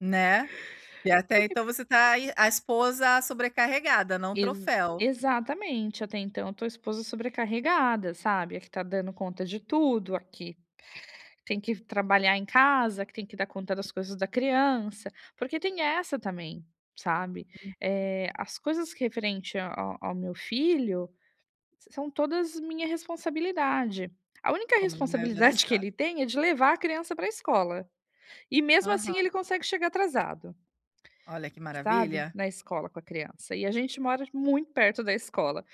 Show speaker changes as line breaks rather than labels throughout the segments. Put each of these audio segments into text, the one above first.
Né. E até
[unintelligible]
então você tá aí, a esposa sobrecarregada, não
Exa
troféu.
exatamente. Até então, eu tô a esposa sobrecarregada, sabe, a que tá dando conta de tudo, a que tem que trabalhar em casa, que tem que dar conta das coisas da criança. Porque tem essa também, sabe,
Uhum.
eh, as coisas referente a a ao meu filho são todas minha responsabilidade. A única
Como na maioria dos
responsabilidade que
ca
ele tem é de levar a criança pra escola. E, mesmo assim,
Aham.
ele consegue chegar atrasado
Olha que
sabe,
maravilha.
na escola com a criança. E a gente t mora muito perto da escola.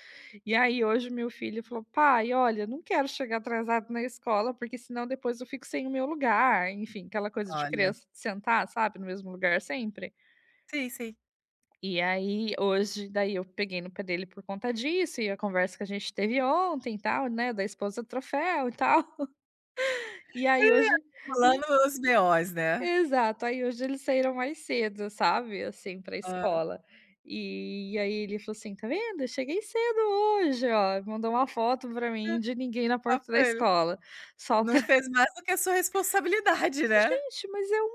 E aí, hoje, o meu filho falou: "Pai, olha, eu não quero chegar atrasado na escola, porque senão depois eu fico sem o meu lugar", enfim, aquela coisa de
Olha.
criança de sentar, sabe, no mesmo lugar sempre.
Sim, sim.
E aí hoje daí eu peguei no pé dele por conta disso e a conversa que a gente teve ontem e tal, né, da esposa troféu e tal. E
É,
aí
tá
hoje e
rolando os BOs, né.
Exato! Aí hoje, eles saíram mais cedo, sabe, assim, pra
Hã.
escola. E aí, ele falou assim: "Tá vendo? Eu cheguei cedo hoje, ó". Mandou uma foto pra
Hã,
mim de ninguém na
fala
porta da
pra ele:
escola, só pra
"Não fez mais do que a sua responsabilidade, né".
Gente, mas é o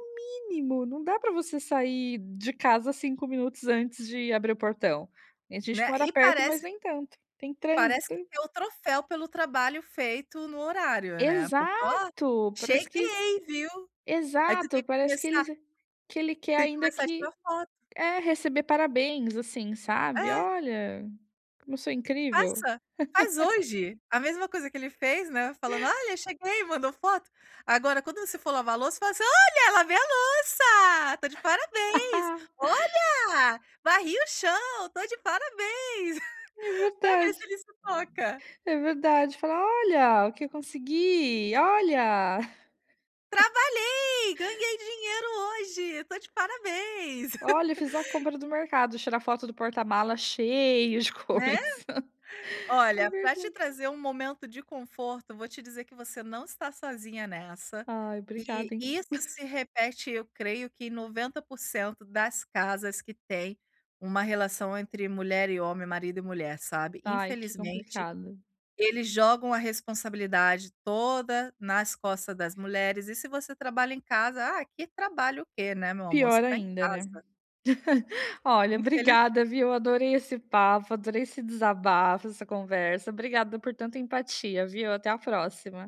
mínimo. Não dá pra você sair de casa 5 minutos antes de abrir o portão. A gente
Né,
mora
e
perto,
parece
mas nem tanto, tem
parece que
trânsito.
quer o troféu pelo trabalho feito no horário, né, porque: "Ó,
Exato, parece que
cheguei, viu?". Aí tu
exato,
tem que
parece que
começar
eles que ele quer
tem que
ainda
começar a
que
tirar foto.
é, receber parabéns, assim, sabe:
É.
"Olha como eu sou incrível".
Faça, faz hoje a mesma coisa que ele fez, né, falando: "Olha, cheguei", mandou foto. Agora quando você for lavar louça faz assim: "Olha, lavei a louça, tô de parabéns. Olha, varri o chão, tô de parabéns".
É
Pra ver
verdade,
se ele se toca.
é verdade, falar: "Olha o que eu consegui, olha!".
"Trabalhei, ganhei dinheiro hoje, tô de parabéns".
"Olha, eu fiz a compra do mercado", tirar foto do porta-malas cheio de
Né.
coisa. É
Olha, pra te
verdade.
trazer um momento de conforto, vou te dizer que você não está sozinha nessa,
Ai,
que
obrigada, hein.
isso se repete eu creio que em 90% das casas que têm uma relação entre mulher e homem, marido e mulher, sabe.
Ai, que
Infelizmente
complicado.
eles jogam a responsabilidade toda nas costas das mulheres e se você trabalha em casa: "Ah, que trabalho o que, né, meu amor, você
Pior
tá em
ainda né.
casa".
Olha
Infelizmen
obrigada, viu. Adorei esse papo, adorei esse desabafo, essa conversa, obrigada por tanta empatia, viu. Até a próxima.